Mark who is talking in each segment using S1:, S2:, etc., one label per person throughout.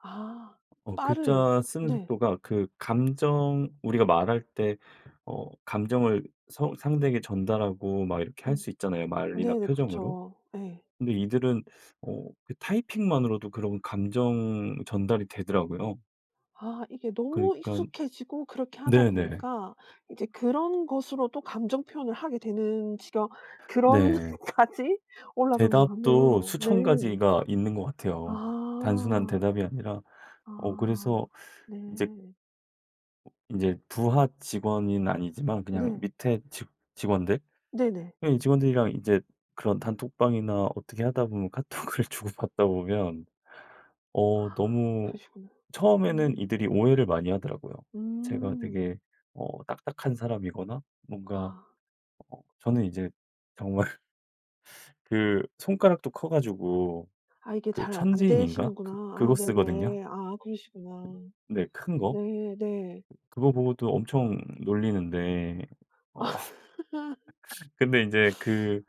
S1: 아.
S2: 어.
S1: 빠를
S2: 글자 쓰는
S1: 네.
S2: 속도가 그 감정 우리가 말할 때 어 감정을 서 상대에게 전달하고 막 이렇게 할
S1: 음.
S2: 수 있잖아요, 말이나
S1: 네네.
S2: 표정으로.
S1: 그렇죠. 네.
S2: 근데 이들은 어 그 타이핑만으로도 그런 감정 전달이 되더라고요.
S1: 아. 이게 너무
S2: 그러니깐
S1: 익숙해지고 그렇게 하다
S2: 네네.
S1: 보니까 이제 그런 것으로도 감정 표현을 하게 되는 지경
S2: 네.
S1: 그런까지 올라간 것
S2: 대답도
S1: 같네요.
S2: 수천
S1: 네.
S2: 가지가 있는 것 같아요. 단순한
S1: 아.
S2: 대답이 아니라. 어.
S1: 아.
S2: 그래서 이제
S1: 네.
S2: 어 인제 부하직원인 아니지만 그냥
S1: 네.
S2: 밑에 직 직원들?
S1: 네네.
S2: 그냥 이 직원들이랑 이제 그런 단톡방이나 어떻게 하다 보면 카톡을 주고받다 보면 어
S1: 아.
S2: 너무
S1: 그러시구나.
S2: 처음에는
S1: 음.
S2: 이들이 오해를 많이 하더라고요. 제가
S1: 음.
S2: 되게 어 딱딱한 사람이거나 뭔가
S1: 아.
S2: 어 저는 이제 정말 그 손가락도 커 가지고
S1: 아. 이게
S2: 그
S1: 잘
S2: 천지인인가
S1: 안되시는구나.
S2: 그
S1: 아.
S2: 그거 쓰거든요.
S1: 네네. 아아. 그러시구나.
S2: 네. 큰 거.
S1: 네. 네.
S2: 그거 보고도 엄청 놀리는데. 어. 근데 인제 그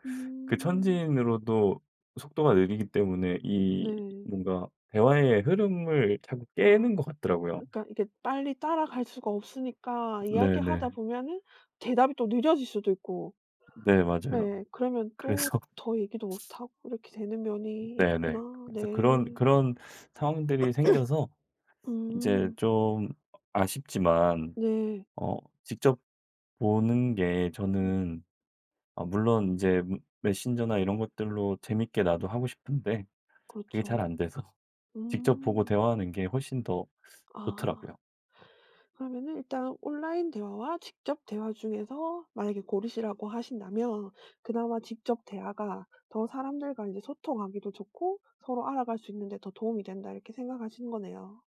S2: 그
S1: 음.
S2: 천지인으로도 속도가 느리기 때문에 이
S1: 네.
S2: 뭔가 대화의 흐름을 자꾸
S1: 아.
S2: 깨는 것 같더라고요.
S1: 그니까 이게 빨리 따라갈 수가 없으니까 이야기하다
S2: 네네.
S1: 보면은 대답이 또 늦어질 수도 있고
S2: 네. 맞아요.
S1: 예예 그러면 또
S2: 그래서
S1: 더 얘기도 못하고 이렇게 되는
S2: 음
S1: 면이
S2: 네네.
S1: 있구나.
S2: 그래서 그런,
S1: 네.
S2: 그런 상황들이 생겨서 인제
S1: 음.
S2: 좀 아 아쉽지만
S1: 네.
S2: 어 직접 보는 게
S1: 음.
S2: 저는 어 물론 인제 메 메신저나 이런 것들로 재밌게 나도 하고 싶은데 그게 잘
S1: 그렇죠.
S2: 안돼서 직접 보고
S1: 음.
S2: 대화하는 게 훨씬 더
S1: 아.
S2: 좋더라고요.
S1: 그러면은 일단 온라인 대화와 직접 대화 중에서 만약에 고르시라고 하신다면 '그나마 직접 대화가 더 사람들과 인제 소통하기도 좋고 서로 알아갈 수 있는데 더 도움이 된다.' 이렇게 생각하시는 거네요.